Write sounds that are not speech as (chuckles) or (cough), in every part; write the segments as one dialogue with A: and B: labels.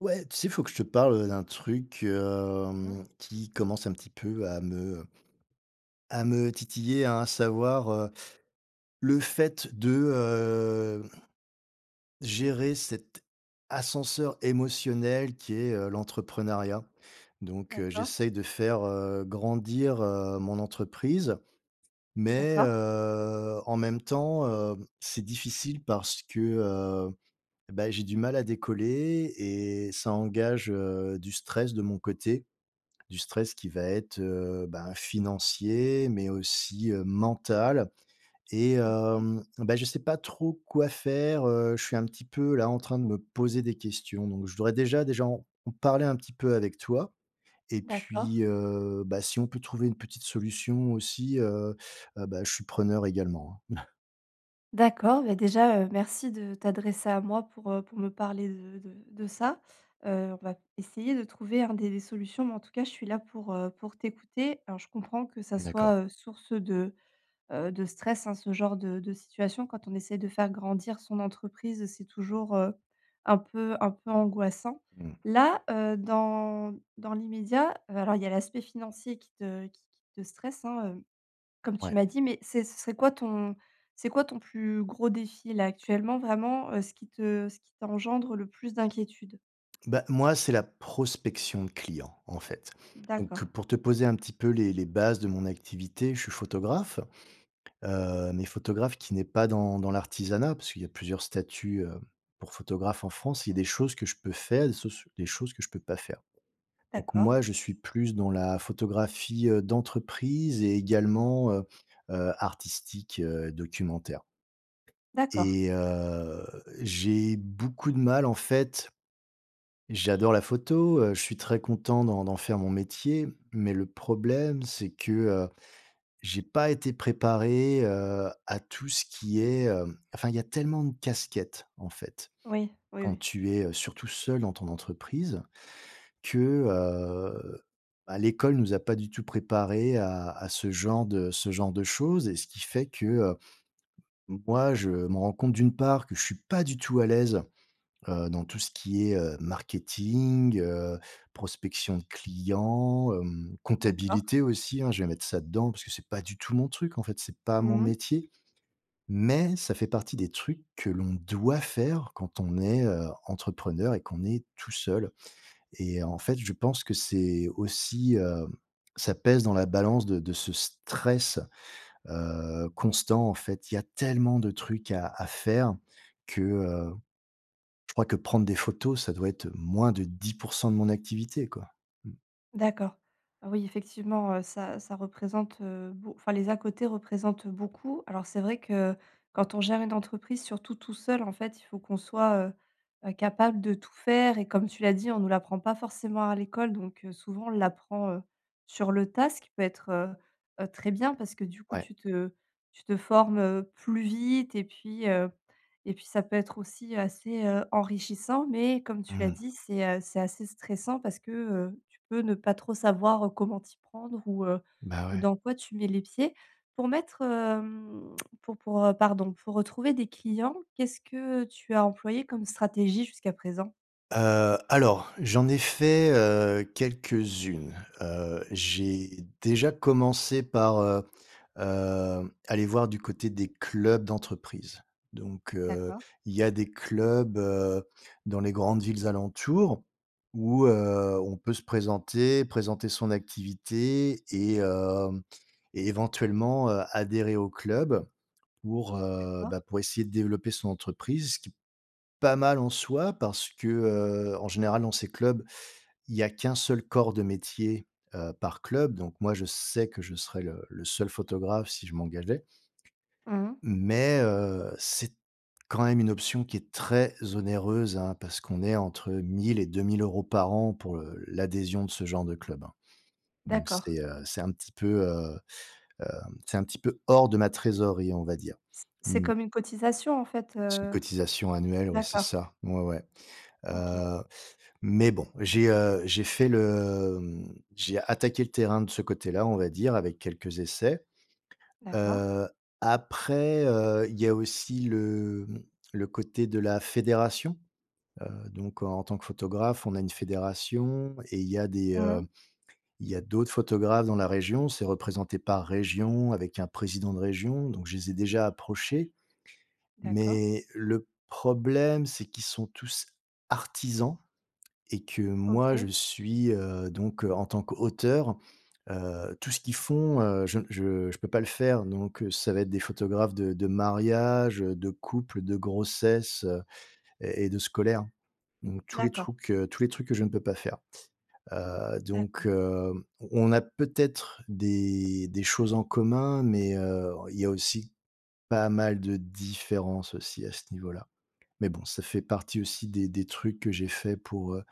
A: Ouais, tu sais, il faut que je te parle, heu, d'un truc,
B: Mmh mh.
A: hem, qui commence un petit peu à me à me titiller, hein, à savoir, heu le fait de, heu, gérer cet ascenseur émotionnel qui est, heu, l'entrepreneuriat. Donc heu,
B: D'accord.
A: j'essaye de faire, heu, grandir, heu, mon entreprise, mais,
B: D'accord.
A: heu, en même temps, heu, c'est difficile parce que, heu, bah, j'ai du mal à décoller et ça engage, heu, du stress de mon côté. Du stress qui va être, heu ben, financier, mais aussi, heu, mental. Et
B: OK.
A: hem bah, je sais pas trop quoi faire, heu, je suis un petit peu là, en train de me poser des questions. Donc je voudrais déjà déjà en en parler un petit peu avec toi. Et
B: D'accord.
A: puis heu bah, si on peut trouver une petite solution aussi, heu heu bah, je suis preneur également, hein. (chuckles)
B: D'accord. Bah, déjà, heu, merci de t'adresser à moi pour, heu, pour me parler de de de ça. Heu, on va essayer de trouver, hein, des solutions, mais en tout cas, je suis là pour, heu, pour t'écouter. Alors je comprends que ça
A: D'accord.
B: soit, heu, source de, heu, de stress, hein, ce genre de de situation quand on essaye de faire grandir son entreprise, c'est toujours, heu, un peu un peu angoissant.
A: Mmh.
B: Là, heu, dans dans l'immédiat, heu, alors il y a l'aspect financier qui te qui qui te stresse, hein, hem, comme tu
A: Ouais.
B: m'as dit, mais c'est ce serait quoi ton c'est quoi ton plus gros défi là, actuellement, vraiment, heu, ce qui te ce qui t'engendre le plus d'inquiétude?
A: Bah moi, c'est la prospection de clients, en fait. Donc
B: D'accord.
A: pour te poser un petit peu les les bases de mon activité, je suis photographe, heu, mais photographe qui n'est pas dans dans l'artisanat, parce qu'il y a plusieurs statuts, heu, pour photographes en France. Il y a des choses que je peux faire, des choses des choses que je peux pas faire. Donc
B: D'accord.
A: moi, je suis plus dans la photographie, heu, d'entreprise et également, heu heu, artistique, heu, documentaire.
B: D'accord.
A: Et heu, j'ai beaucoup de mal en fait J'adore la photo, heu, je suis très content d'en d'en faire mon métier, mais le problème, c'est que, heu, j'ai pas été préparé, heu, à tout ce qui est, hem enfin, il y a tellement de casquettes, en fait.
B: Oui. Oui,
A: Quand
B: oui.
A: tu es, heu, surtout seul dans ton entreprise, que, heu, bah, l'école nous a pas du tout préparés à à ce genre de ce genre de choses. Et ce qui fait que, heu, moi, je me rends compte d'une part que je suis pas du tout à l'aise, heu, dans tout ce qui est, heu, marketing, heu, prospection de clients, hem,
B: D'accord.
A: comptabilité, aussi, hein, je vais mettre ça dedans, parce que c'est pas du tout mon truc, en fait, c'est pas mon
B: Mmh mh.
A: métier. Mais ça fait partie des trucs que l'on doit faire quand on est, heu, entrepreneur et qu'on est tout seul. Et en fait, je pense que c'est aussi, heu, ça pèse dans la balance de de ce stress, heu, constant, en fait. Il y a tellement de trucs à à faire que, heu, je crois que prendre des photos, ça doit être, heu, moins de 10% de mon activité, quoi. Mmh.
B: D'accord. Oui effectivement, heu, ça ça représente, heu, beau enfin les à-côtés représentent beaucoup. Alors c'est vrai que quand on gère une entreprise surtout tout seul en fait, il faut qu'on soit, heu heu, capable de tout faire et comme tu l'as dit, on nous l'apprend pas forcément à l'école. Donc, heu, souvent on l'apprend, heu, sur le tas, ce qui peut être, heu heu, très bien parce que du coup,
A: Ouais.
B: tu te tu te formes, heu, plus vite et puis, heu, et puis ça peut être aussi assez, heu, enrichissant. Mais comme tu l'as
A: Mmh.
B: dit, c'est, heu, c'est assez stressant parce que, heu, tu peux ne pas trop savoir, heu, comment t'y prendre ou, heu,
A: Bah
B: ou
A: ouais.
B: dans quoi tu mets les pieds. Pour mettre, hem, (clicks tongue) pour pour, heu, pardon, pour trouver des clients, qu'est-ce que tu as employé comme stratégie jusqu'à présent?
A: Heu, alors, j'en ai fait, heu, quelques unes. Heu, j'ai déjà commencé par, heu heu, aller voir du côté des clubs d'entreprise. Donc heu,
B: D'accord.
A: il y a des clubs, heu, dans les grandes villes alentours où, heu, on peut se présenter, présenter son activité et hem, et éventuellement, heu, adhérer au club pour, heu,
B: D'accord.
A: bah, pour essayer de développer son entreprise, ce qui pas mal en soi parce que, heu, en général dans ces clubs, il y a qu'un seul corps de métier, heu, par club donc moi je sais que je serai le le seul photographe si je m'engageais.
B: Mmh.
A: Mais heu, c'est t quand même une option qui est très onéreuse hein, parce qu'on est entre 1 000 et 2 000 € par an, pour, heu, l'adhésion de ce genre de club, hein. Donc
B: D'accord.
A: c'est, heu, c'est un petit peu, heu, hem, c'est un petit peu hors de ma trésorerie, on va dire.
B: C'est
A: Mmh.
B: comme une cotisation en fait,
A: C'est une
B: heu?
A: cotisation annuelle, ouais c'est
B: D'accord.
A: ça, ouais, ouais.
B: OK.
A: Heu, mais bon, j'ai, heu, j'ai fait le, mmh j'ai attaqué le terrain de ce côté-là, on va dire, avec quelques essais.
B: D'accord.
A: Heu, après, heu, il y a aussi le mmh, le côté de la fédération. Heu, donc, en tant que photographe, on a une fédération et il y a des,
B: Mmh
A: heu,
B: mh.
A: il y a d'autres photographes dans la région. C'est représenté par région avec un président de région, donc je les ai déjà approchés.
B: D'accord.
A: Mais le problème, c'est qu'ils sont tous artisans et que moi, je
B: OK.
A: suis, heu, donc, heu, en tant qu'auteur, heu tout ce qu'ils font, heu, je je je peux pas le faire. Donc, heu, ça va être des photographes de de mariages, heu, de couples, de grossesses, heu, et et de scolaires. Donc tous les
B: D'accord.
A: trucs, heu, tous les trucs que je ne peux pas faire. Heu, donc
B: D'accord.
A: hem, on on a peut-être des des choses en commun, mais heu, il y a aussi pas mal de différences aussi, à ce niveau-là. Mais bon, ça fait partie aussi des des trucs que j'ai faits pour, heu,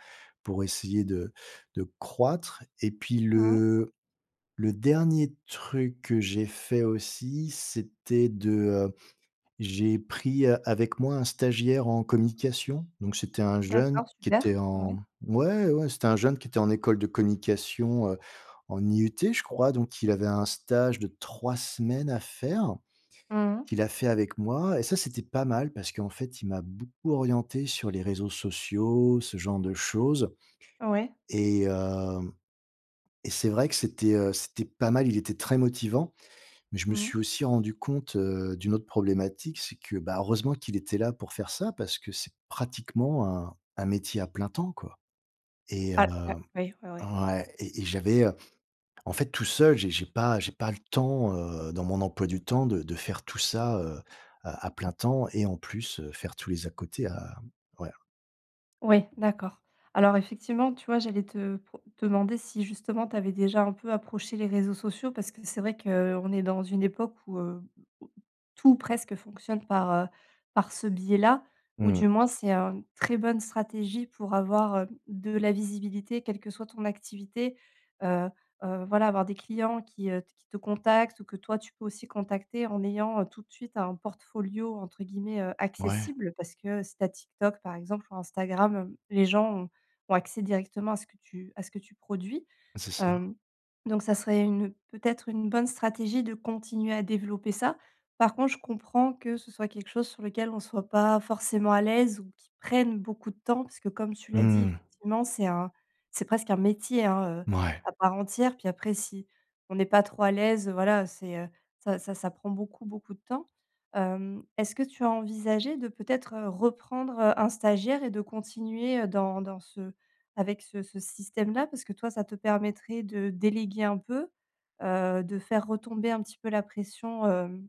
A: pour essayer de de croître. Et puis
B: Mmh.
A: le le dernier truc que j'ai fait aussi, c'était de heu j'ai pris a avec moi un stagiaire en communication. Donc c'était un jeune
B: D'accord,
A: qui
B: super.
A: était en,
B: Ouais.
A: mmh ouais, ouais, c'était un jeune qui était en école de communication, heu, en IUT, je crois. Donc il avait un stage de 3 semaines à faire,
B: Mmh mh.
A: qu'il a fait avec moi et ça c'était pas mal, parce qu'en fait il m'a beaucoup orienté sur les réseaux sociaux, ce genre de choses.
B: Ouais.
A: Et hem, et c'est vrai que c'était, heu, c'était pas mal. Il était très motivant, mais je me
B: Mmh.
A: suis aussi rendu compte, heu, d'une autre problématique. C'est que, bah, heureusement qu'il était là pour faire ça parce que c'est pratiquement un un métier à plein temps, quoi. Et heu
B: Ah, ouais. Ouais, ouais.
A: ouais, et et j'avais, heu, en fait tout seul, j'ai j'ai pas j'ai pas le temps, heu, dans mon emploi du temps de de faire tout ça, heu, à à plein temps et en plus, heu, faire tous les à-côtés à m ouais.
B: Ouais, d'accord. Alors effectivement, tu vois, j'allais te pro demander, si justement, tu avais déjà un peu approché les réseaux sociaux parce que c'est vrai qu'on est dans une époque où, heu, où tout ou presque fonctionne par, heu, par ce biais-là, ou
A: Mmh.
B: du moins c'est, heu, une très bonne stratégie pour avoir, heu, de la visibilité quelle que soit ton activité. Heu heu voilà, avoir des clients qui, heu, qui te contactent ou que toi tu peux aussi contacter en ayant tout de suite «un portfolio» entre guillemets, heu,
A: Ouais.
B: accessible. Parce que si tu as TikTok par exemple ou Instagram, hem, les gens ont ont accès directement à ce que tu à ce que tu produis.
A: Bah, c'est ça.
B: Hem, donc ça serait une, peut-être, une bonne stratégie de continuer à développer ça. Par contre, je comprends que ce soit quelque chose sur lequel on soit pas forcément à l'aise ou qui prenne beaucoup de temps, parce que, comme tu l'as dit,
A: Mmh.
B: effectivement c'est un c'est presque un métier, hein, heu,
A: Mouais.
B: à part entière. Puis après si on est pas trop à l'aise, heu, voilà c'est heu, ça ça ça prend beaucoup, beaucoup de temps. Hem, est-ce que tu as envisagé de, peut-être, heu, reprendre, heu, un stagiaire et de continuer, heu, dans dans ce avec ce ce système-là? Parce que toi, ça te permettrait de déléguer un peu, heu, de faire retomber un petit peu la pression, hem,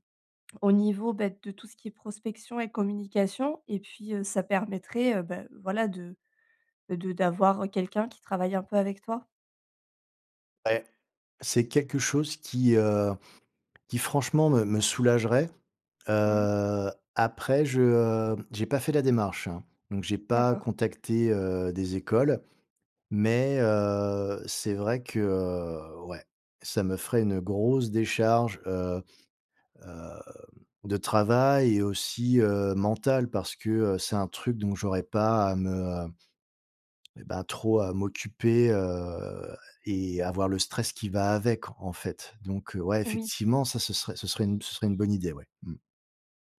B: au niveau, beh, de tout ce qui est prospection et communication et puis, heu, ça permettrait, heu, beh voilà, de, heu, de d'avoir quelqu'un qui travaille un peu avec toi.
A: Ouais. C'est quelque chose qui, heu, qui franchement, me me soulagerait.
B: Mmh.
A: Heu, après je, heu, j'ai pas fait la démarche, hein, donc j'ai pas
B: D'accord.
A: contacté, heu, des écoles. Mais heu, c'est vrai que, heu, ouais, ça me ferait une grosse décharge, heu heu de travail et aussi, heu, mentale, parce que, heu, c'est un truc dont j'aurais pas à me, heu, et bah trop à m'occuper, heu, et avoir le stress qui va avec, en fait. Donc, heu, ouais,
B: Eh oui.
A: effectivement, ça, ce serait ce serait une ce serait une bonne idée, ouais, mmh.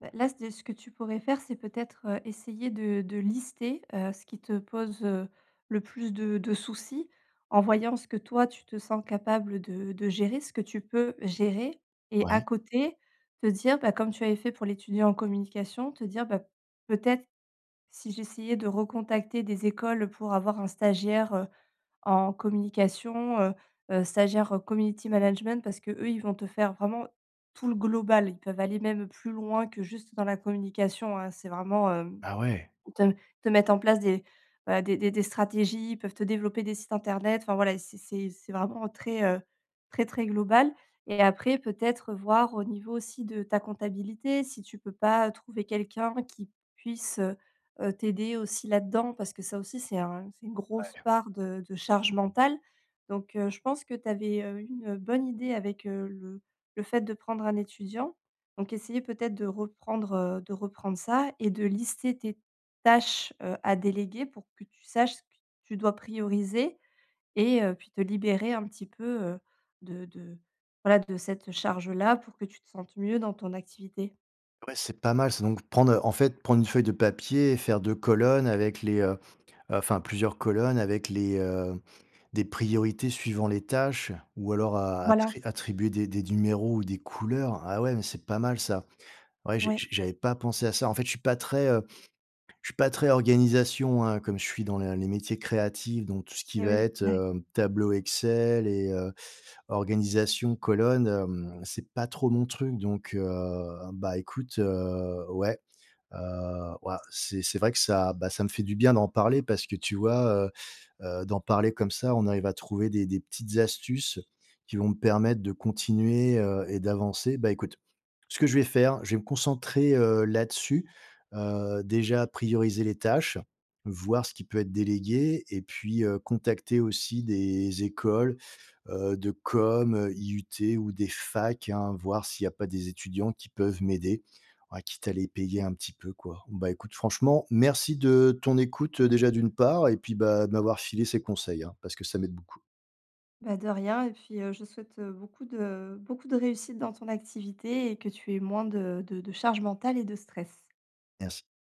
B: Bah, là, c de ce que tu pourrais faire, c'est peut-être, heu, essayé de de lister, heu, ce qui te pose, heu, le plus de de soucis en voyant ce que toi, tu te sens capable de de gérer ce que tu peux gérer. Et à
A: Ouais.
B: côté te dire, bah, comme tu avais fait pour l'étudiant en communication, te dire: «Bah, peut-être, si j'essayais de recontacter des écoles pour avoir un stagiaire, heu, en communication, heu heu, stagiaire, community management», parce qu'eux ils vont te faire vraiment tout le global. Ils peuvent aller même plus loin que juste dans la communication hein, c'est vraiment, hem,
A: Ah ouais.
B: te te mettre en place des, bah, des des des stratégies. Ils peuvent te développer des sites internet, enfin voilà, c'est c'est c'est vraiment très, heu très très global. Et après, peut-être, voir au niveau aussi de ta comptabilité, si tu peux pas trouver quelqu'un qui puisse, heu heu, t'aider aussi là-dedans, parce que ça aussi, c'est un c'est une grosse
A: Ouais.
B: part de de charge mentale donc heu, je pense que tu avais, heu, eu une bonne idée avec, heu, le le fait de prendre un étudiant. Donc essayer peut-être de reprendre, heu de reprendre ça et de lister tes tâches, heu, à déléguer pour que tu saches ce que tu dois prioriser et heu, puis te libérer un petit peu, heu, de de voilà de cette charge-là pour que tu te sentes mieux dans ton activité.
A: Ouais, c'est pas mal, c'est donc prendre, heu, en fait, prendre une feuille de papier et faire 2 colonnes avec les, heu, enfin plusieurs colonnes avec les, heu, des priorités suivant les tâches ou alors a
B: Voilà.
A: attri attribuer des des numéros ou des couleurs, ah ouais, mais c'est pas mal ça. Ouais, j'ai
B: Ouais.
A: j'ai j'avais pas pensé à ça, en fait, je suis pas très, heu, je suis pas très organisation, hein. Comme je suis dans le les métiers créatifs, donc tout ce qui
B: Et
A: va
B: oui,
A: être,
B: da
A: heu, tableau Excel et heu, organisation colonne, hem, c'est pas trop mon truc, donc heu, bah écoute, heu, ouais, heu, wouah, c'est c'est vrai que ça, bah, ça me fait du bien d'en parler parce que tu vois? Heu heu, d'en parler comme ça, on arrive à trouver des des petites astuces qui vont me permettre de continuer, heu, et d'avancer. Bah écoute, ce que je vais faire, je vais me concentrer, heu, là-dessus, heu, déjà prioriser les tâches, voir ce qui peut être délégué, et puis, heu, contacter aussi des écoles, heu, de com, IUT ou des facs, hein, voir s'il y a pas des étudiants qui peuvent m'aider, à quitte à les payer
B: Ouais.
A: un petit peu, quoi. Bah écoute, franchement, merci de ton écoute, heu, déjà d'une part, et puis bah, de m'avoir filé ces conseils, hein, parce que ça m'aide beaucoup.
B: Bah de rien, et puis, heu, je souhaite, heu, beaucoup de beaucoup de réussite dans ton activité, et que tu aies moins de de charge mentale et de stress.
A: Merci.